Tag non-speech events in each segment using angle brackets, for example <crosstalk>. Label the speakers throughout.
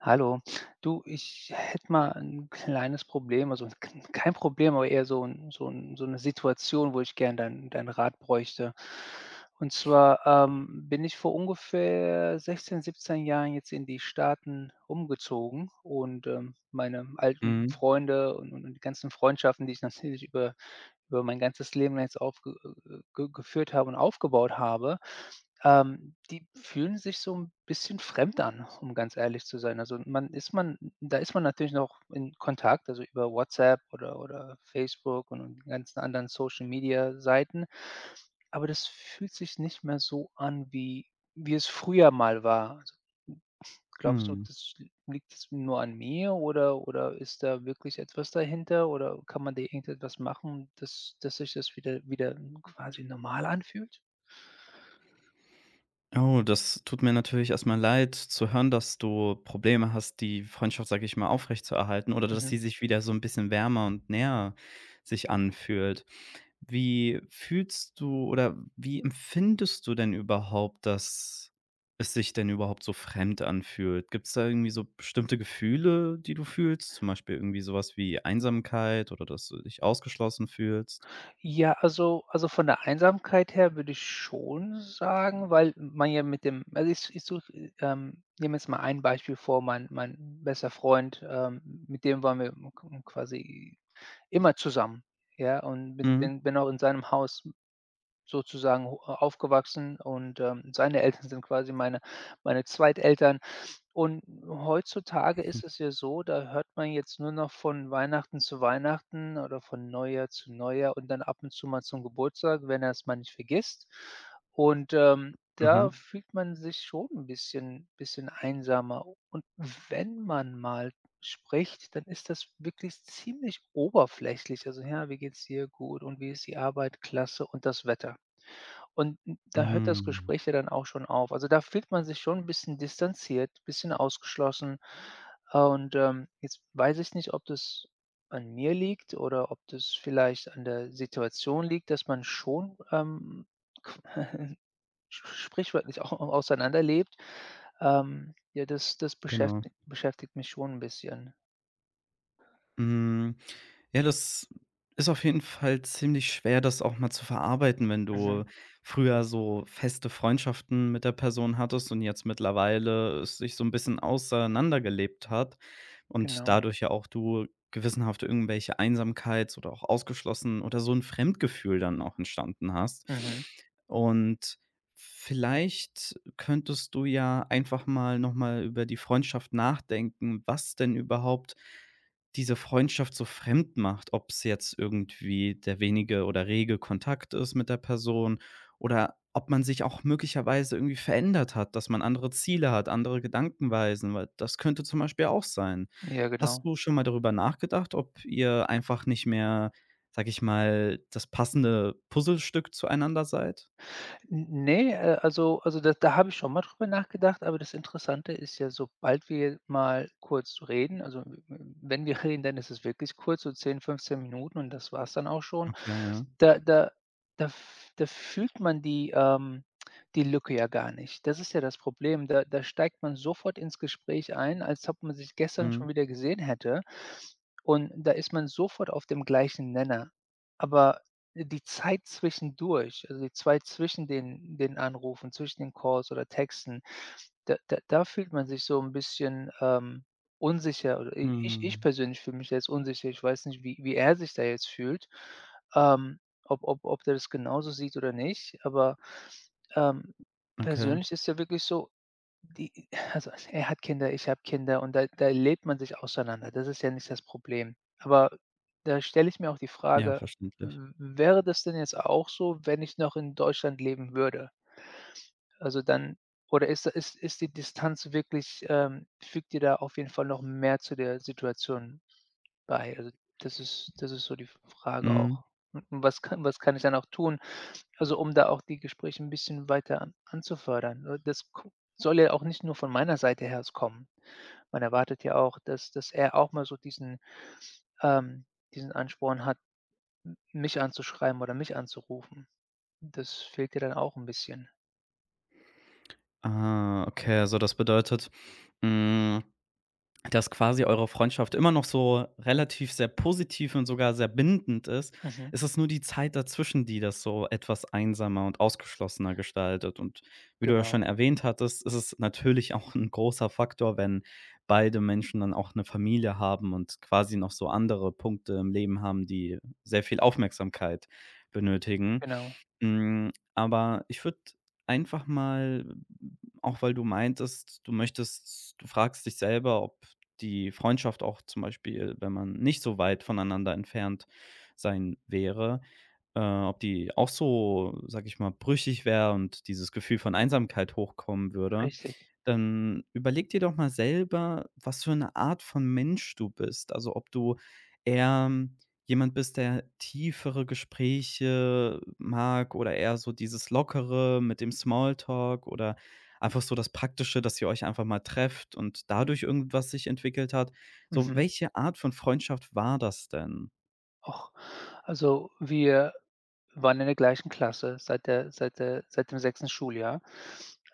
Speaker 1: Hallo, <sniffs> du, ich hätte mal ein kleines Problem, also, kn kein Problem, aber eher so 'n so 'n so 'ne Situation, wo ich gerne deinen deinen Rat bräuchte. Und
Speaker 2: <sniffs>
Speaker 1: zwar, ähm, bin ich vor ungefähr 16, 17 Jahren jetzt in die Staaten umgezogen und, ähm, meine alten
Speaker 2: Mhm.
Speaker 1: Freunde und und die ganzen Freundschaften, die ich natürlich über über mein ganzes Leben jetzt aufge äh, äh, g geführt habe und aufgebaut habe, ähm, die fühlen sich so 'n bisschen fremd an, um ganz ehrlich zu sein. Also, man ist man da ist man natürlich noch in Kontakt, also, über WhatsApp oder oder Facebook und die ganzen anderen Social-Media-Seiten, aber das fühlt sich nicht mehr so an, wie wie es früher mal war. So glaubst du,
Speaker 2: Mhm.
Speaker 1: das l liegt's nur an mir oder oder ist da wirklich etwas dahinter oder kann man da irgendetwas machen, dass dass sich das wieder wieder quasi normal anfühlt?
Speaker 2: Oh, das tut mir natürlich erstmal leid zu hören, dass du Probleme hast, die Freundschaft, sage ich mal aufrechtzuerhalten, oder dass
Speaker 1: Mhm.
Speaker 2: sie sich wieder so 'n bisschen wärmer und näher sich anfühlt. Wie fühlst du oder wie empfindest du denn überhaupt, dass es sich denn überhaupt so fremd anfühlt? Gibt's da irgendwie so bestimmte Gefühle, die du fühlst? Zum Beispiel irgendwie sowas wie Einsamkeit oder dass du dich ausgeschlossen fühlst?
Speaker 1: Ja, also also, von der Einsamkeit her würde ich schon sagen, weil man ja mit dem also, ich ich suche ähm, nehme jetzt mal ein Beispiel vor. Mein mein bester Freund, ähm, mit dem waren wir m k m k quasi immer zusammen, ja, und bin
Speaker 2: Mhm.
Speaker 1: bin bin auch in seinem Haus sozusagen ho aufgewachsen und, ähm, seine Eltern sind quasi meine meine Zweiteltern. Und heutzutage
Speaker 2: <snorts>
Speaker 1: ist es ja so, da hört man jetzt nur noch von Weihnachten zu Weihnachten oder von Neujahr zu Neujahr und dann ab und zu mal zum Geburtstag, wenn er es mal nicht vergisst, und, ähm, da
Speaker 2: Mhm.
Speaker 1: fühlt man sich schon 'n bisschen bisschen einsamer und wenn man mal spricht, dann ist das wirklich ziemlich oberflächlich: „Also, ja, wie geht's dir?“ „Gut.“ „Und wie ist die Arbeit?“ „Klasse.“ „Und das Wetter?” Und n da hört das
Speaker 2: Hm.
Speaker 1: Gespräch ja dann auch schon auf also, da fühlt man sich schon 'n bisschen distanziert, bisschen ausgeschlossen und, ähm, jetzt weiß ich nicht, ob das an mir liegt oder ob das vielleicht an der Situation liegt, dass man schon, ähm, qu <chuckles> Sch Sprichwörtlich auch au auseinanderlebt, ähm, ja, das das
Speaker 2: Genau.
Speaker 1: beschäfti beschäftigt mich schon 'n bisschen.
Speaker 2: Mhm, ja, das ist auf jeden Fall ziemlich schwer, das auch mal zu verarbeiten, wenn
Speaker 1: Mhm.
Speaker 2: du früher so feste Freundschaften mit der Person hattest und jetzt mittlerweile sich so 'n bisschen auseinandergelebt hat und
Speaker 1: Genau.
Speaker 2: dadurch ja auch du gewissenhaft irgendwelche Einsamkeit oder auch ausgeschlossen oder so 'n Fremdgefühl dann auch entstanden hast.
Speaker 1: Mhm.
Speaker 2: Und vielleicht könntest du ja einfach mal noch mal über die Freundschaft nachdenken, was denn überhaupt diese Freundschaft so fremd macht. Ob's jetzt irgendwie der wenige oder rege Kontakt ist mit der Person oder ob man sich auch möglicherweise irgendwie verändert hat, dass man andere Ziele hat, andere Gedankenweisen, weil das könnte zum Beispiel auch sein.
Speaker 1: Ja,
Speaker 2: Hast
Speaker 1: genau.
Speaker 2: du schon mal darüber nachgedacht, ob ihr einfach nicht mehr, sage ich mal, das passende Puzzlestück zueinander seid?
Speaker 1: N Ne, äh, also also, da da habe ich schon mal drüber nachgedacht, aber das Interessante ist ja, sobald wir mal kurz reden also, w w wenn wir reden, dann ist es wirklich kurz, so 10, 15 Minuten und das war's dann auch schon,
Speaker 2: Okay, ja.
Speaker 1: da da da f da fühlt man die, ähm, die Lücke ja gar nicht das ist ja das Problem. Da da steigt man sofort ins Gespräch ein, als ob man sich gestern
Speaker 2: Mhm.
Speaker 1: schon wieder gesehen hätte. Und da ist man sofort auf dem gleichen Nenner, aber die Zeit zwischendurch also, die Zeit zwischen den den Anrufen, zwischen den Calls oder Texten, da da da fühlt man sich so 'n bisschen, ähm, unsicher oder i ich ich
Speaker 2: Mhm.
Speaker 1: persönlich fühle mich da jetzt unsicher. Ich weiß nicht, wie wie er sich da jetzt fühlt. Ähm, ob ob ob der das genauso sieht oder nicht, aber, ähm,
Speaker 2: Okay.
Speaker 1: persönlich ist's ja wirklich so, die also also, er hat Kinder, ich habe Kinder und da da lebt man sich auseinander. Das ist ja nicht das Problem. Aber da stelle ich mir auch die
Speaker 2: Ja,
Speaker 1: Frage:
Speaker 2: verständlich.
Speaker 1: „W w wäre das denn jetzt auch so, wenn ich noch in Deutschland leben würde?“ Also, dann oder ist ist ist die Distanz wirklich ähm, fügt die da auf jeden Fall noch mehr zu der Situation bei, also, das ist das ist so die F Frage
Speaker 2: Mhm.
Speaker 1: auch. Und was kann was kann ich denn auch tun, also, um da auch die Gespräche 'n bisschen weiter anzufördern n das guck soll ja auch nicht nur von meiner Seite her so kommen. Man erwartet ja auch, dass dass er auch mal so diesen ähm, diesen Ansporn hat, m mich anzuschreiben oder mich anzurufen. Das fehlt ja dann auch 'n bisschen.
Speaker 2: Ah, okay. Also, das bedeutet, hm, dass quasi eure Freundschaft immer noch so relativ sehr positiv und sogar sehr bindend ist
Speaker 1: Mhm.
Speaker 2: ist es nur die Zeit dazwischen, die das so etwas einsamer und ausgeschlossener gestaltet, und wie du ja
Speaker 1: Genau.
Speaker 2: schon erwähnt hattest, ist es natürlich auch 'n großer Faktor, wenn beide Menschen dann auch 'ne Familie haben und quasi noch so andere Punkte im Leben haben, die sehr viel Aufmerksamkeit benötigen.
Speaker 1: Genau.
Speaker 2: Hm, aber ich würde einfach mal m auch, weil du meintest, du möchtest du fragst dich selber, ob die Freundschaft auch zum Beispiel, wenn man nicht so weit voneinander entfernt sein wäre äh, ob die auch so, sage ich mal, brüchig wäre und dieses Gefühl von Einsamkeit hochkommen würde.
Speaker 1: Richtig.
Speaker 2: Dann überlege dir doch mal selber, was für 'ne Art von Mensch du bist, also, ob du eher jemand bist, der tiefere Gespräche mag, oder eher so dieses Lockere mit dem Smalltalk oder einfach so das Praktische, dass ihr euch einfach mal trefft und dadurch irgendwas sich entwickelt hat, so
Speaker 1: Mhm.
Speaker 2: welche Art von Freundschaft war das denn?
Speaker 1: Och, also, wir waren in der gleichen Klasse seit der seit der seit dem 6. Schuljahr.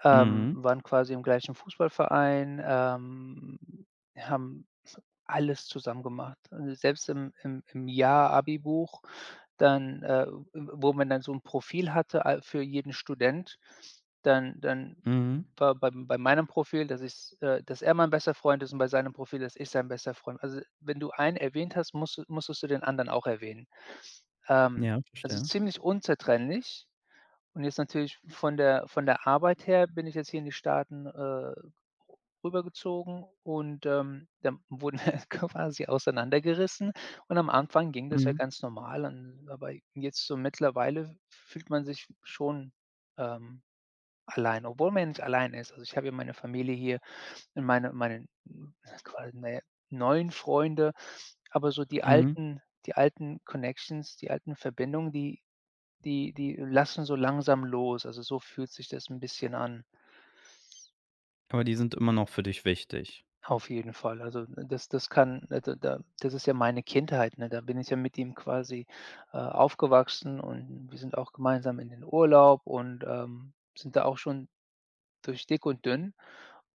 Speaker 1: Ähm,
Speaker 2: Mhm.
Speaker 1: waren quasi im gleichen Fußballverein, ähm, haben <snorts> alles zusammen gemacht. Selbst im im im Jahr-Abibuch, dann, äh, w wo man dann so 'n Profil hatte al für jeden Student, dann dann
Speaker 2: Mhm.
Speaker 1: bei bei bei meinem Profil, dass ich äh, dass er mein bester Freund ist, und bei seinem Profil, dass ich sein bester Freund also, wenn du einen erwähnt hast, musst du musstest du den anderen auch erwähnen. Ähm,
Speaker 2: Ja,
Speaker 1: also,
Speaker 2: verstehe.
Speaker 1: ziemlich unzertrennlich und jetzt natürlich von der von der Arbeit her bin ich jetzt hier in die Staaten, äh, rü rübergezogen und, ähm, dann wurden <snorts> quasi auseinandergerissen und am Anfang ging das ja
Speaker 2: Mhm.
Speaker 1: ganz normal an aber jetzt so mittlerweile f fühlt man sich schon, ähm, allein, obwohl man nicht alleine ist. Also, ich habe ja meine Familie hier in meine meinen, hm, quasi, na ja, neuen Freunde, aber so die
Speaker 2: Mhm.
Speaker 1: alten die alten Connections, die alten Verbindungen, die die die lassen so langsam los. Also, so fühlt sich das 'n bisschen an.
Speaker 2: Aber die sind immer noch für dich wichtig.
Speaker 1: Auf jeden Fall. Also, das das kann da da das ist ja meine Kindheit, ne, da bin ich ja mit ihm quasi, äh, aufgewachsen und wir sind auch gemeinsam in den Urlaub und, ähm, sind da auch schon durch dick und dünn,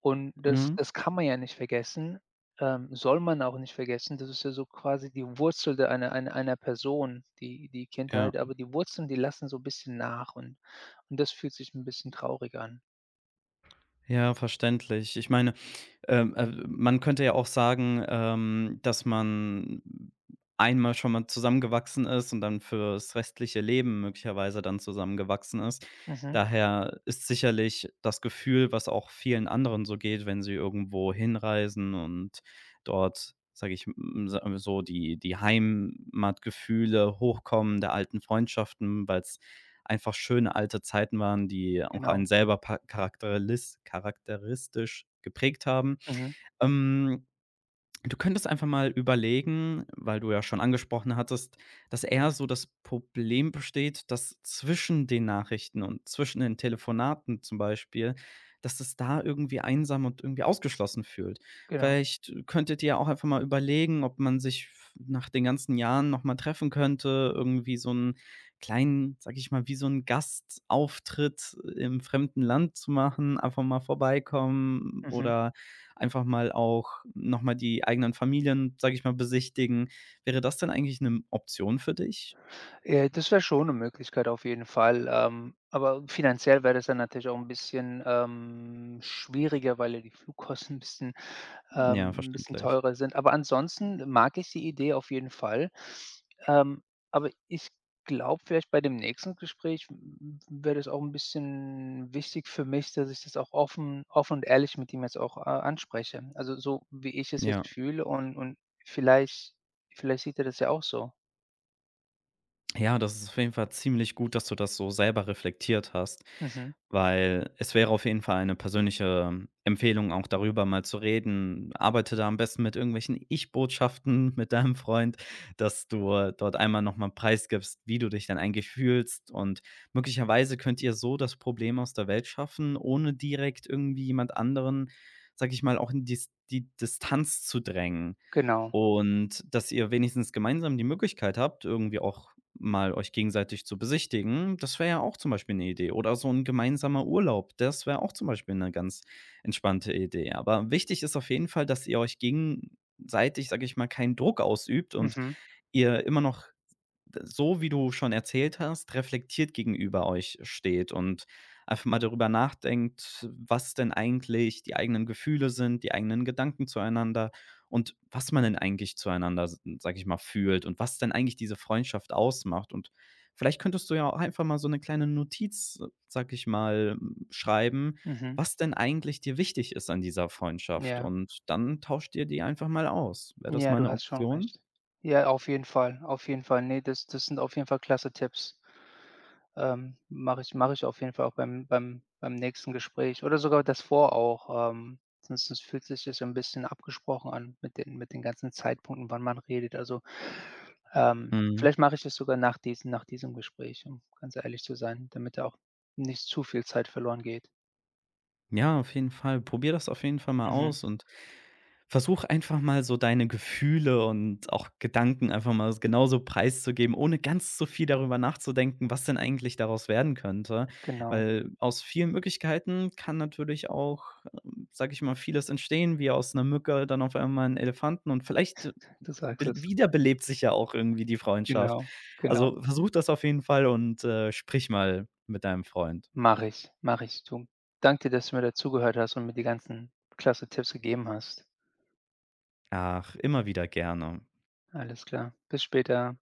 Speaker 1: und das
Speaker 2: Mhm.
Speaker 1: das kann man ja nicht vergessen, ähm, soll man auch nicht vergessen. Das ist ja so quasi die Wurzel der einer einer einer Person, die die
Speaker 2: Ja.
Speaker 1: Kindheit, aber die Wurzeln, die lassen so bisschen nach und und das fühlt sich 'n bisschen traurig an.
Speaker 2: Ja, verständlich. Ich meine, ähm, äh, man könnte ja auch sagen, ähm, dass man einmal schon mal zusammengewachsen ist und dann für's restliche Leben möglicherweise dann zusammengewachsen ist.
Speaker 1: Mhm.
Speaker 2: Daher ist sicherlich das Gefühl, was auch vielen anderen so geht, wenn sie irgendwohin reisen und dort, sage ich m sa so die die Heimatgefühle hochkommen der alten Freundschaften, weil's einfach schöne alte Zeiten waren, die auch einen
Speaker 1: Genau.
Speaker 2: selber pa charaktelis charakteristisch geprägt haben.
Speaker 1: Mhm.
Speaker 2: Ähm, du könntest einfach mal überlegen, weil du ja schon angesprochen hattest, dass eher so das Problem besteht, dass zwischen den Nachrichten und zwischen den Telefonaten zum Beispiel, dass es da irgendwie einsam und irgendwie ausgeschlossen fühlt.
Speaker 1: Genau.
Speaker 2: Vielleicht, äh, könntet ihr ja auch einfach mal überlegen, ob man sich v nach den ganzen Jahren nochmal treffen könnte. Irgendwie so 'n kleinen, sage ich mal, wie so 'n Gastauftritt im fremden Land zu machen, einfach mal vorbeikommen
Speaker 1: Mhm.
Speaker 2: oder einfach mal auch nochmal die eigenen Familien, sage ich mal, besichtigen. Wäre das denn eigentlich 'ne m Option für dich?
Speaker 1: Äh, das wäre schon 'ne Möglichkeit auf jeden Fall, ähm, aber finanziell wäre das dann natürlich auch 'n bisschen, ähm, schwieriger, weil ja die Flugkosten bisschen
Speaker 2: Ja,
Speaker 1: ähm, 'n bisschen
Speaker 2: verständlich.
Speaker 1: teurer sind, aber ansonsten mag ich die Idee auf jeden Fall. Ähm, aber ich glaube, vielleicht bei dem nächsten Gespräch w w wäre das auch 'n bisschen wichtig für mich, dass ich das auch offen offen und ehrlich mit ihm jetzt auch a anspreche, also, so wie ich es jetzt
Speaker 2: Ja.
Speaker 1: fühle und und vielleicht vielleicht sieht er das ja auch so.
Speaker 2: Ja, das ist auf jeden Fall ziemlich gut, dass du das so selber reflektiert hast,
Speaker 1: Mhm.
Speaker 2: weil es wäre auf jeden Fall 'ne persönliche Empfehlung, auch darüber mal zu reden. Arbeite da am besten mit irgendwelchen Ich Botschaften mit deinem Freund, dass du dort einmal noch mal preisgibst, wie du dich dann eigentlich fühlst und möglicherweise könnt ihr so das Problem aus der Welt schaffen, ohne direkt irgendwie jemand anderen, sage ich mal auch in dis die Distanz zu drängen
Speaker 1: Genau.
Speaker 2: und, dass ihr wenigstens gemeinsam die Möglichkeit habt, irgendwie auch mal euch gegenseitig zu besichtigen. Das wäre ja auch zum Beispiel 'ne Idee oder so 'n gemeinsamer Urlaub. Das wäre auch zum Beispiel 'ne ganz entspannte Idee. Aber wichtig ist auf jeden Fall, dass ihr euch gegenseitig, sage ich mal, keinen Druck ausübt und
Speaker 1: Mhm.
Speaker 2: ihr immer noch d so wie du schon erzählt hast, reflektiert gegenüber euch steht und einfach mal darüber nachdenkt, was denn eigentlich die eigenen Gefühle sind die eigenen Gedanken zueinander und was man denn eigentlich zueinander, s sage ich mal fühlt und was denn eigentlich diese Freundschaft ausmacht und vielleicht könntest du ja auch einfach mal so 'ne kleine Notiz, sage ich mal, hm, schreiben,
Speaker 1: Mhm.
Speaker 2: was denn eigentlich dir wichtig ist an dieser Freundschaft
Speaker 1: Ja.
Speaker 2: und dann tauscht dir die einfach mal aus. Wäre das
Speaker 1: Ja,
Speaker 2: mal
Speaker 1: du
Speaker 2: 'ne
Speaker 1: hast schon
Speaker 2: Option?
Speaker 1: recht. Ja, auf jeden Fall, auf jeden Fall. Ne, das das sind auf jeden Fall klasse Tipps. Ähm, mache ich, mache ich auf jeden Fall auch beim beim beim nächsten Gespräch oder sogar das vor auch, ähm, sonst das fühlt sich ja so 'n bisschen abgesprochen an mit den mit den ganzen Zeitpunkten, wann man redet, also, ähm,
Speaker 2: Mhm.
Speaker 1: vielleicht mache ich das sogar nach diesem nach diesem Gespräch, um ganz ehrlich zu sein, damit da auch nicht zu viel Zeit verloren geht.
Speaker 2: Ja, auf jeden Fall. Probiere das auf jeden Fall mal
Speaker 1: Mhm.
Speaker 2: aus und versuche einfach mal so deine Gefühle und auch Gedanken einfach mal s genauso preiszugeben, ohne ganz so viel darüber nachzudenken, was denn eigentlich daraus werden könnte,
Speaker 1: Genau.
Speaker 2: weil aus vielen Möglichkeiten kann natürlich auch, ähm, sage ich mal, vieles entstehen wie aus 'ner Mücke, dann auf einmal 'n Elefanten und vielleicht
Speaker 1: <chuckles> Du sagst
Speaker 2: bel
Speaker 1: es.
Speaker 2: wiederbelebt sich ja auch irgendwie die Freundschaft.
Speaker 1: Genau, genau.
Speaker 2: Also, versuche das auf jeden Fall und, äh, sprich mal mit deinem Freund.
Speaker 1: Mache ich, mache ich. <unintelligible> Danke, dass du mir da zugehört hast und mir die ganzen klasse Tipps gegeben hast.
Speaker 2: Ach, immer wieder gerne.
Speaker 1: Alles klar. Bis später.